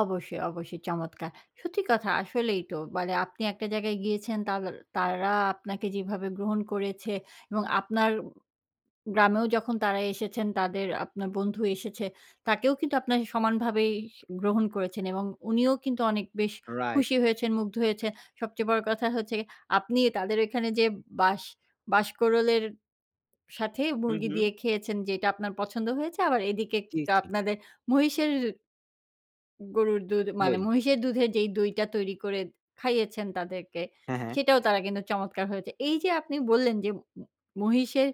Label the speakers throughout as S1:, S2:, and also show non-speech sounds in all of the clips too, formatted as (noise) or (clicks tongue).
S1: অবশ্যই, অবশ্যই, চমৎকার! সত্যি কথা, আসলেই তো। মানে আপনি একটা জায়গায় গিয়েছেন তাগর তারা আপনাকে যেভাবে গ্রহণ করেছে এবং আপনার গ্রামেও যখন তারা এসেছেন, তাদের আপনার বন্ধু এসেছে, তাকেও কিন্তু আপনারা সমানভাবেই স গ্রহণ করেছেন এবং উনিও কিন্তু অনেক বেশ
S2: রাইট।
S1: খুশি হয়েছেন, মুগ্ধ হয়েছেন। সবচেয়ে বড় কথা হচ্ছে গে আপনি তাদের এখানে যে বাঁশ বাঁশকরলের সাথে
S2: হুম,
S1: মুরগি
S2: হুম।
S1: দিয়ে খেয়েছেন যেটা আপনার পছন্দ হয়েছে, আবার এদিকে
S2: জি,
S1: কিন্তু
S2: চি
S1: আপনাদের মহিষের গরুর দুধ মানে,
S2: দই।
S1: মহিষের দুধের যেই দইটা তৈরি করে খাইয়েছেন তাদেরকে,
S2: হ্যাঁ, হ্যাঁ।
S1: সেটাও তারা কিন্তু চমৎকার হয়েছে। এই যে আপনি বললেন, যে ম-ম মহিষের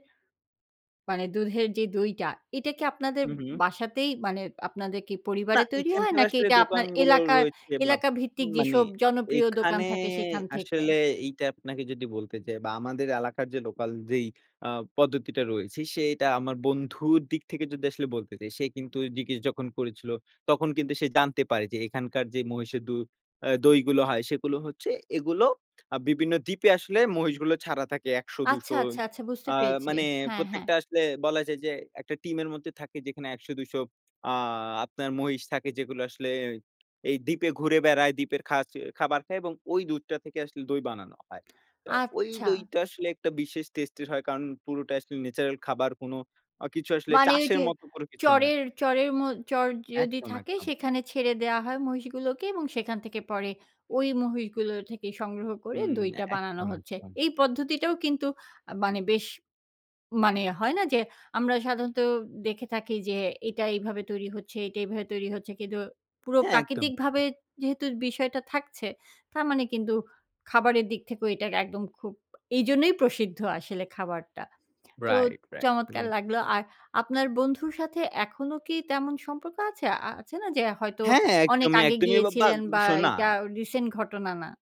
S1: মানে দুধের যে দইটা, এটা কি আপনাদের
S2: উহু।
S1: বাসাতেই মানে, আপনাদের কি
S2: না,
S1: পরিবারে তৈরি হয়?
S2: এখানকার
S1: নাকি
S2: আসলে
S1: এটা আপনার
S2: দোকানগুলো
S1: এলাকা,
S2: রয়েছে বা
S1: এলাকা ভিত্তিক
S2: মানে,
S1: যেসব জনপ্রিয় দোকান
S2: এখানে
S1: থাকে সেখান থেকে?
S2: আসলে এইটা আপনাকে যদি বলতে চাই বা আমাদের এলাকার যে লোকাল যেই আ পদ্ধতিটা রয়েছে, সেইটা আমার বন্ধুর দিক থেকে যদি আসলে বলতে চাই, সে কিন্তু ওই জিজ্ঞেস যখন করেছিল, তখন কিন্তু সে জানতে পারে যে এখানকার যে মহিষের দূ আ দই গুলো হয় সেগুলো হচ্ছে, এগুলো আ বিভিন্ন দ্বীপে আসলে মহিষগুলো ছাড়া থাকে
S1: আচ্ছা,
S2: ১০০-২০০
S1: আচ্ছা, আচ্ছা বুঝতে
S2: আ
S1: পেরেছি।
S2: মানে
S1: হ্যাঁ, হ্যাঁ।
S2: প্রত্যেকটা আসলে বলা যায় যে, একটা টিমের মধ্যে থাকে যেখানে ১০০-২০০ (smacks lips) আ আপনার মহিষ থাকে যেগুলো আসলে এই দ্বীপে ঘুরে বেড়ায়, দ্বীপের খাচে খাবার খায় এবং ঐ দুধটা থেকে আসলে দই বানানো হয়। তো
S1: (smacks lips)
S2: ঐ
S1: আচ্ছা।
S2: দইটা আসলে একটা বিশেষ টেস্ট এর হয়, কারণ পুরোটা আসলে ন্যাচারাল খাবার কোন কিছু অ আসলে
S1: মানে ঐ
S2: চাষের
S1: যে।
S2: মতো কোনো কিছু না।
S1: চড়ের, চড়ের ম চড় যদি
S2: একদম,
S1: থাকে,
S2: একদম।
S1: সেখানে ছেড়ে দেওয়া হয় মহিষগুলোকে এবং সেখান থেকে পরে ঐ মহিষগুলো থেকে সংগ্রহ করে
S2: হুম। এ
S1: দইটা বানানো
S2: একদম,
S1: হচ্ছে।
S2: একদম।
S1: এই পদ্ধতিটাও কিন্তু আ মানে বেশ মানে হয় না? যে, আমরা সাধারণত দেখে থাকি যে এটা এইভাবে তৈরি হচ্ছে, এটা এভাবে তৈরি হচ্ছে। কিন্তু পুরো
S2: হ্যাঁ, একদম।
S1: প্রাকৃতিকভাবে
S2: (clicks tongue)
S1: যেহেতু বিষয়টা থাকছে, তার মানে কিন্তু খাবারের দিক থেকেও এটাকে একদম খুব এইজন্যই প্রসিদ্ধ আসলে খাবারটা। তো
S2: রাইট, রাইট।
S1: চমৎকার
S2: এবং
S1: লাগলো, আর আপনার বন্ধুর সাথে এখনো কি তেমন সম্পর্ক আছে? আ আছে না যে? হয়তো
S2: হ্যাঁ,
S1: অনেক
S2: একদমই,
S1: আগে
S2: একদমই বা বা
S1: গিয়েছিলেন বা
S2: শোনা
S1: এটা রিসেন্ট ঘটনা না।